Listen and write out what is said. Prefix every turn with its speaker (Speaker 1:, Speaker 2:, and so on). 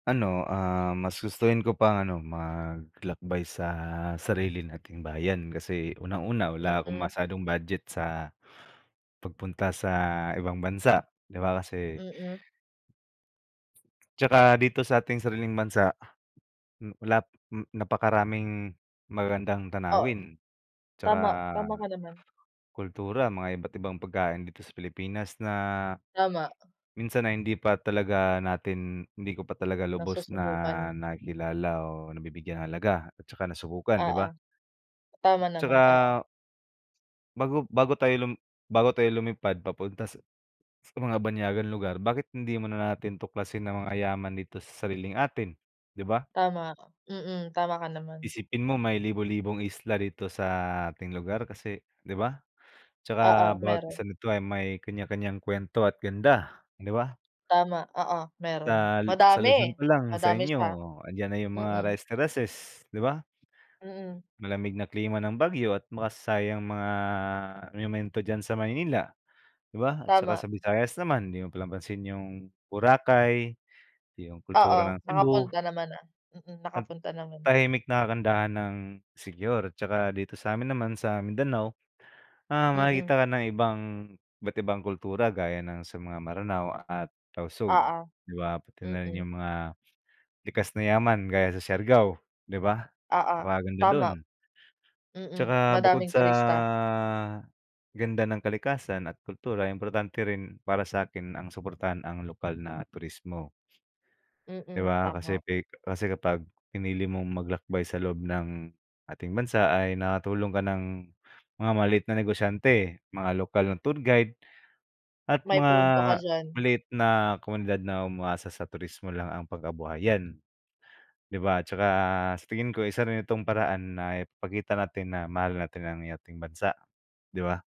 Speaker 1: Ano, ah, mas gustuhin ko pang ano maglakbay sa sarili nating bayan kasi unang-una wala akong
Speaker 2: Mm.
Speaker 1: masyadong budget sa, pagpunta sa ibang bansa di ba, kasi
Speaker 2: Mm.
Speaker 1: Tsaka dito sa ating sariling bansa, hmm, wala hmm, napakaraming magagandang
Speaker 2: Oh,
Speaker 1: tanawin tsaka,
Speaker 2: tama tama ka naman.
Speaker 1: kultura, mga iba't ibang pagkain dito sa Pilipinas na
Speaker 2: Tama.
Speaker 1: minsan na hindi pa talaga natin hindi ko pa talaga lubos na
Speaker 2: Nasusubukan.
Speaker 1: nakikilala o nabibigyan ng halaga at tsaka nasubukan, di
Speaker 2: Oo,
Speaker 1: ba?
Speaker 2: tama naman, oo.
Speaker 1: Tsaka Bago bago tayo lum bago tayo lum bago tayo lumipad papunta sa mga banyagang lugar bakit hindi mo na natin tuklasin ang mga yaman dito sa sariling atin, di ba?
Speaker 2: Tama, mm. Tama ka naman.
Speaker 1: Isipin mo may libo-libong isla dito sa ating lugar, kasi di ba, tsaka
Speaker 2: Oo,
Speaker 1: bawat
Speaker 2: meron.
Speaker 1: isa nito ay may kanya-kanyang kwento at ganda, di ba?
Speaker 2: Tama, oo, meron.
Speaker 1: Sa Lu sa Luzon
Speaker 2: Madami
Speaker 1: pa lang sa
Speaker 2: madami
Speaker 1: inyo,
Speaker 2: siya,
Speaker 1: andiyan na yung mga
Speaker 2: mm.
Speaker 1: rice terracess, di ba?
Speaker 2: Mm.
Speaker 1: Malamig na klima ng Baguio at makasaysayang mga monumento diyan sa Maynila di ba, at saka
Speaker 2: Tama.
Speaker 1: sa Visayas naman di mo pinapansin yung Boracay yung kultura ng
Speaker 2: Oo,
Speaker 1: Cebu.
Speaker 2: nakapunta naman na, mm,
Speaker 1: At
Speaker 2: nakapunta naman na.
Speaker 1: tahimik na kagandahan ng Siquijor at saka dito samin naman sa Mindanao, ah,
Speaker 2: Mm.
Speaker 1: makakita ka ng ibang iba't ibang kultura gaya ng sa mga Maranao at Tausug
Speaker 2: Oo,
Speaker 1: di ba pati na rin
Speaker 2: mm.
Speaker 1: yung mga likas na yaman, gaya sa Siargao di ba
Speaker 2: Oo,
Speaker 1: napakaganda dun.
Speaker 2: tama. Mm,
Speaker 1: Tsaka bukod
Speaker 2: madaming
Speaker 1: sa
Speaker 2: turista.
Speaker 1: ganda ng kalikasan at kultura importante rin para sakin ang suportahan ang lokal na turismo. Di
Speaker 2: Mm,
Speaker 1: ba kasi
Speaker 2: tama.
Speaker 1: pi kasi kapag pinili mong maglakbay sa loob ng ating bansa ay nakatulong ka ng mga maliit na negosyante, mga lokal na tour guide at
Speaker 2: May
Speaker 1: mga
Speaker 2: punto ka diyan.
Speaker 1: maliit na komunidad na umaasa sa turismo lang ang pangkabuhayan, di ba, tsaka sa tingin ko isa rin itong paraan na ipakita natin na mahal natin ang ating bansa, di ba?